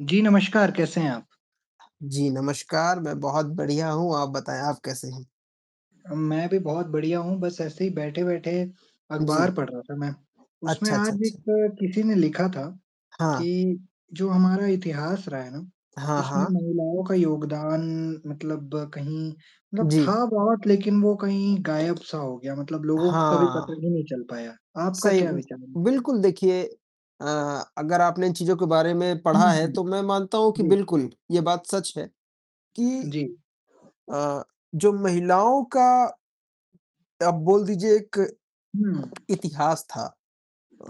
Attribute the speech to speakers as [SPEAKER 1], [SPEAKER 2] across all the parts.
[SPEAKER 1] जी नमस्कार, कैसे हैं आप?
[SPEAKER 2] जी नमस्कार, मैं बहुत बढ़िया हूँ। आप बताएँ, आप कैसे हैं?
[SPEAKER 1] अ, मैं भी बहुत बढ़िया हूँ, बस ऐसे ही बैठे-बैठे अखबार
[SPEAKER 2] जी।
[SPEAKER 1] पढ़ रहा था मैं, उसमें
[SPEAKER 2] अच्छा, अच्छा,
[SPEAKER 1] आज एक
[SPEAKER 2] अच्छा।
[SPEAKER 1] किसी ने लिखा था कि
[SPEAKER 2] हाँ।
[SPEAKER 1] जो हमारा इतिहास रहा है ना,
[SPEAKER 2] हाँ,
[SPEAKER 1] उसमें
[SPEAKER 2] हाँ।
[SPEAKER 1] महिलाओं का योगदान मतलब कहीं मतलब था
[SPEAKER 2] जी।
[SPEAKER 1] बहुत, लेकिन वो कहीं गायब सा हो गया, मतलब लोगों को कभी पता
[SPEAKER 2] हाँ।
[SPEAKER 1] ही नहीं चल पाया। आपका
[SPEAKER 2] सही
[SPEAKER 1] क्या
[SPEAKER 2] उ
[SPEAKER 1] विचार है? इस पे?
[SPEAKER 2] बिल्कुल देखिए अ, अगर आपने इन चीज़ों के बारे में पढ़ा
[SPEAKER 1] हुँ,
[SPEAKER 2] है,
[SPEAKER 1] हुँ।
[SPEAKER 2] तो मैं मानता हूँ कि
[SPEAKER 1] जी।
[SPEAKER 2] बिल्कुल ये बात सच है कि
[SPEAKER 1] जी।
[SPEAKER 2] अ, जो महिलाओं का आप बोल दीजिए एक,
[SPEAKER 1] हुँ।
[SPEAKER 2] इतिहास था।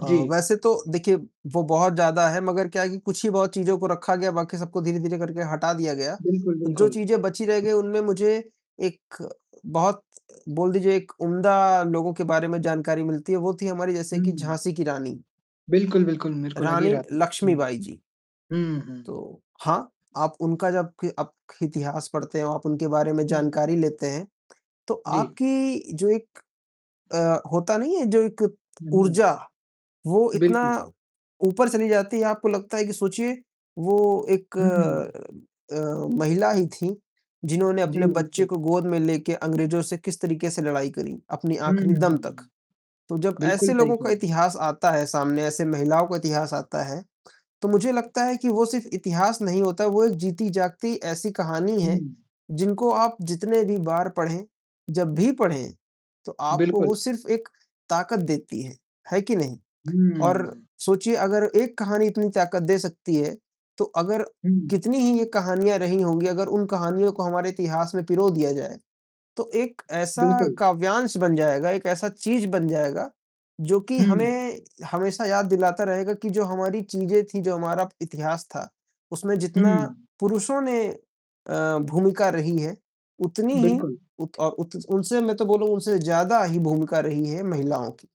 [SPEAKER 2] अ,
[SPEAKER 1] जी।
[SPEAKER 2] वैसे तो देखिए वो बहुत ज़्यादा है मगर क्या है कि कुछ ही बहुत चीज़ों को रखा गया, बाकी सबको धीरे-धीरे करके हटा दिया गया,
[SPEAKER 1] बिल्कुल,
[SPEAKER 2] तो जो
[SPEAKER 1] बिल्कुल।
[SPEAKER 2] चीज़ें बची रह गईं, उनमें मुझे एक बहुत बोल दीजिए एक उम्दा लोगों के बारे में जानकारी मिलती है, वो थीं हमारी जैसे कि
[SPEAKER 1] हुँ।
[SPEAKER 2] झाँसी की रानी।
[SPEAKER 1] बिल्कुल, बिल्कुल, मेरे को भी लगी
[SPEAKER 2] रानी
[SPEAKER 1] रहा था।
[SPEAKER 2] लक्ष्मीबाई जी।
[SPEAKER 1] हुँ।
[SPEAKER 2] तो हाँ, आप उनका जब क आप क इतिहास पढ़ते हो, आप उनके बारे में
[SPEAKER 1] हुँ।
[SPEAKER 2] जानकारी लेते हैं, तो
[SPEAKER 1] जी।
[SPEAKER 2] आपकी जो एक अ, होता नहीं है, जो एक
[SPEAKER 1] हुँ, हुँ।
[SPEAKER 2] ऊर्जा वो इतना
[SPEAKER 1] बिल्कुल।
[SPEAKER 2] ऊपर चली जाती है, आपको लगता है कि सोचिए वो एक
[SPEAKER 1] हुँ।
[SPEAKER 2] अ, महिला ही थीं, जिन्होंने
[SPEAKER 1] जी,
[SPEAKER 2] अपने बच्चे
[SPEAKER 1] बिल्कुल।
[SPEAKER 2] को गोद में लेके अंग्रेजों से किस तरीके से लड़ाई करी, अपनी
[SPEAKER 1] हुँ, हुँ,
[SPEAKER 2] आखिरी दम तक।
[SPEAKER 1] हुँ।
[SPEAKER 2] तो जब
[SPEAKER 1] बिल्कुल
[SPEAKER 2] ऐसे
[SPEAKER 1] सही
[SPEAKER 2] लोगों
[SPEAKER 1] कह
[SPEAKER 2] का
[SPEAKER 1] रहे हैं।
[SPEAKER 2] इतिहास आता है सामने, ऐसे महिलाओं का इतिहास आता है, तो मुझे लगता है कि वो सिर्फ़ इतिहास नहीं होता, वो एक जीती जागती ऐसी कहानी है,
[SPEAKER 1] हुँ।
[SPEAKER 2] जिनको आप जितने भी बार पढ़ें, जब भी पढ़ें, तो आपको वो
[SPEAKER 1] बिल्कुल।
[SPEAKER 2] सिर्फ़ एक ताकत देती है, है कि नहीं? और
[SPEAKER 1] हुँ।
[SPEAKER 2] सोचिए अगर एक कहानी इतनी ताकत दे सकती है, तो अगर
[SPEAKER 1] हुँ।
[SPEAKER 2] कितनी ही ये कहानियाँ रही होंगी, अगर उन कहानियों को हमारे इतिहास में पिरो दिया जाए, तो एक ऐसा
[SPEAKER 1] बिल्कुल।
[SPEAKER 2] काव्यांश बन जाएगा, एक ऐसा चीज़ बन जाएगा जो कि
[SPEAKER 1] हुँ।
[SPEAKER 2] हमें हमेशा याद दिलाता रहेगा कि जो हमारी चीज़ें थी, जो हमारा इतिहास था, उसमें जितना
[SPEAKER 1] हुँ।
[SPEAKER 2] पुरुषों ने अ, भूमिका रही है, उतनी ही
[SPEAKER 1] बिल्कुल।
[SPEAKER 2] उक उ उनसे मैं तो बोलूँगा उनसे ज़्यादा ही भूमिका रही है महिलाओं की।